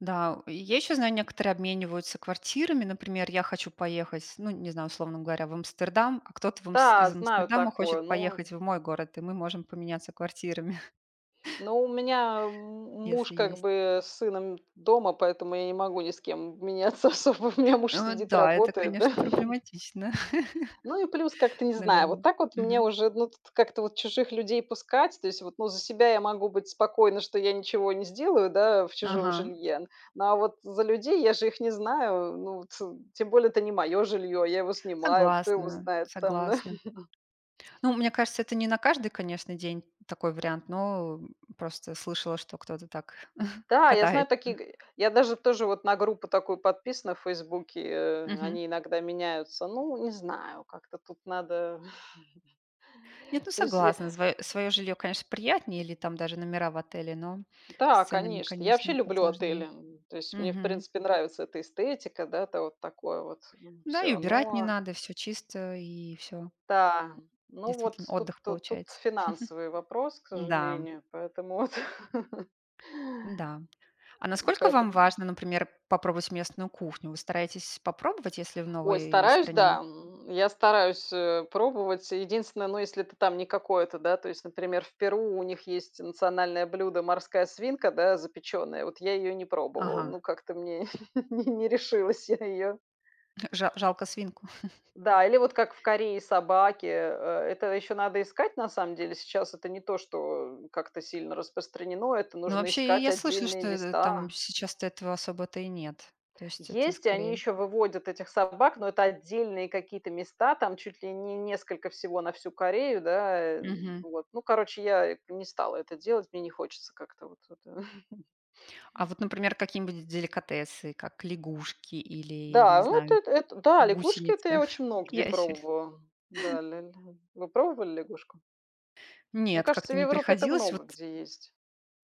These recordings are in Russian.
Да, у, и я ещё знаю: некоторые обмениваются квартирами. Например, я хочу поехать, ну, не знаю, условно говоря, в Амстердам, а кто-то в Амс Да, из знаю Амстердама хочет такое, ну поехать в мой город, и мы можем поменяться квартирами. Ну, меня, м, муж, Если как есть. бы, с сыном дома, поэтому я не могу ни с кем, м, меняться особо. У меня муж Э, вот сидит, да, это, работает, да. конечно, проблематично, Ну, и плюс как-то, не знаю, вот наверно, так вот мне мгм. уже, ну, тут как-то вот чужих людей пускать. То есть вот, ну, за себя я могу быть спокойна, что я ничего не сделаю, да, в чужом Ага. жилье, но, а вот за людей, я же их не знаю, ну вот. Тем более, это не моё жильё, я его снимаю, кто его Согласна знает там, да? согласна. Ну, мне кажется, это не на каждый, конечно, день такой вариант, но просто слышала, что кто-то так Да, я знаю катается. такие г я даже тоже вот на группу такую подписана в "Фейсбуке", э, Мгм. они иногда меняются. Ну, не знаю, как-то тут надо. Нет, ну, То есть я согласна, звоё своё жильё, конечно, приятнее или там даже номера в отеле, но с Да, ценами, конечно. Я вообще конечно, люблю посложнее, отели, м. То есть, мне, в мгм. принципе, нравится эта эстетика, да, это вот такое вот, м, Да, и всё. убирать не Но надо, всё чисто, и всё. Да, ну вот Действительно, тут отдых тут тут получается. финансовый вопрос, к М-да. сожалению. Поэтому вот. Н-да. А М, насколько вам поэтому. важно, например, попробовать местную кухню? Вы стараетесь попробовать, если в Ой, новой стараюсь, стране? да, м. Я стараюсь, э, пробовать. Единственное, ну, если это там не какое-то, да, то есть, например, в Перу у них есть национальное блюдо- морская свинка, да, запеченная, вот я ее не пробовала, Ага. ну, как-то мне не не решилась я ее Жа жалко свинку? Да, или вот как в Корее собаки, э, это ещё надо искать на самом деле. Сейчас это не то, что как-то сильно распространено, это Ну, нужно вообще, и искать я слышала, отдельные что это там места. сейчас-то этого особо-то и нет. То есть, это Есть, и они скорее ещё выводят этих собак, но это отдельные какие-то места там, чуть ли не несколько всего на всю Корею, да, эм, Мгм. вот. Ну, короче, я, э, не стала это делать. Мне не хочется как-то вот вот. А вот, например, какие-нибудь деликатесы, как лягушки или, не Да, вот знаю, это, эт да, лягушки, это гусеницы, я очень много где ящери пробовала. Да, ля ля. Вы пробовали лягушку? Мне Нет, кажется, как-то в не Европе это приходилось. Вот. много где есть.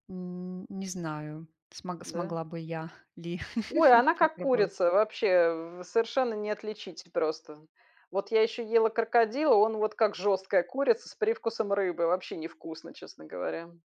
Н не знаю, смог Да? смогла бы я ли Ой, она как попробовать. курица, вообще совершенно не отличить просто. Вот я еще ела крокодила, он вот как жесткая курица с привкусом рыбы, вообще не вкусно, честно говоря.